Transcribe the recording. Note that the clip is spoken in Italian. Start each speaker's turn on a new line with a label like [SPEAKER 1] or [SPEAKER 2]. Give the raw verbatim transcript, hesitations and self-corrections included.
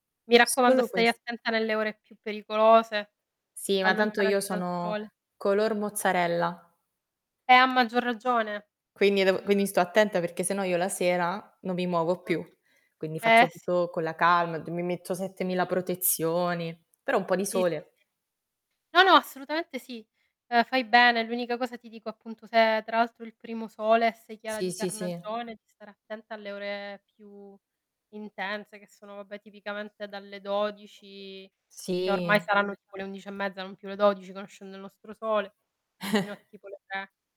[SPEAKER 1] Mi raccomando
[SPEAKER 2] Solo
[SPEAKER 1] stai
[SPEAKER 2] ques
[SPEAKER 1] attenta nelle ore più pericolose,
[SPEAKER 2] Sì, ma tanto io
[SPEAKER 1] allontanati dal
[SPEAKER 2] sono
[SPEAKER 1] sole.
[SPEAKER 2] color mozzarella.
[SPEAKER 1] Eh a maggior ragione.
[SPEAKER 2] Quindi devo
[SPEAKER 1] Mh.
[SPEAKER 2] quindi sto attenta perché se no io la sera non mi muovo
[SPEAKER 1] Mh-mh,
[SPEAKER 2] più. Quindi
[SPEAKER 1] eh
[SPEAKER 2] faccio
[SPEAKER 1] sì.
[SPEAKER 2] tutto con la calma, g mi metto settemila protezioni, però un po' di
[SPEAKER 1] Sì, sì,
[SPEAKER 2] sole
[SPEAKER 1] sì. No no assolutamente sì, uhm, fai bene. L'unica cosa ti dico appunto se è tra l'altro il primo sole e sei chiara
[SPEAKER 2] Sì,
[SPEAKER 1] di
[SPEAKER 2] sì, sì.
[SPEAKER 1] carnagione, di stare attenta alle ore più intense che sono vabbè tipicamente dalle dodici
[SPEAKER 2] Sì.
[SPEAKER 1] che ormai saranno tipo le undici e mezza, non più le dodici conoscendo il nostro sole, fino a tipo le tre.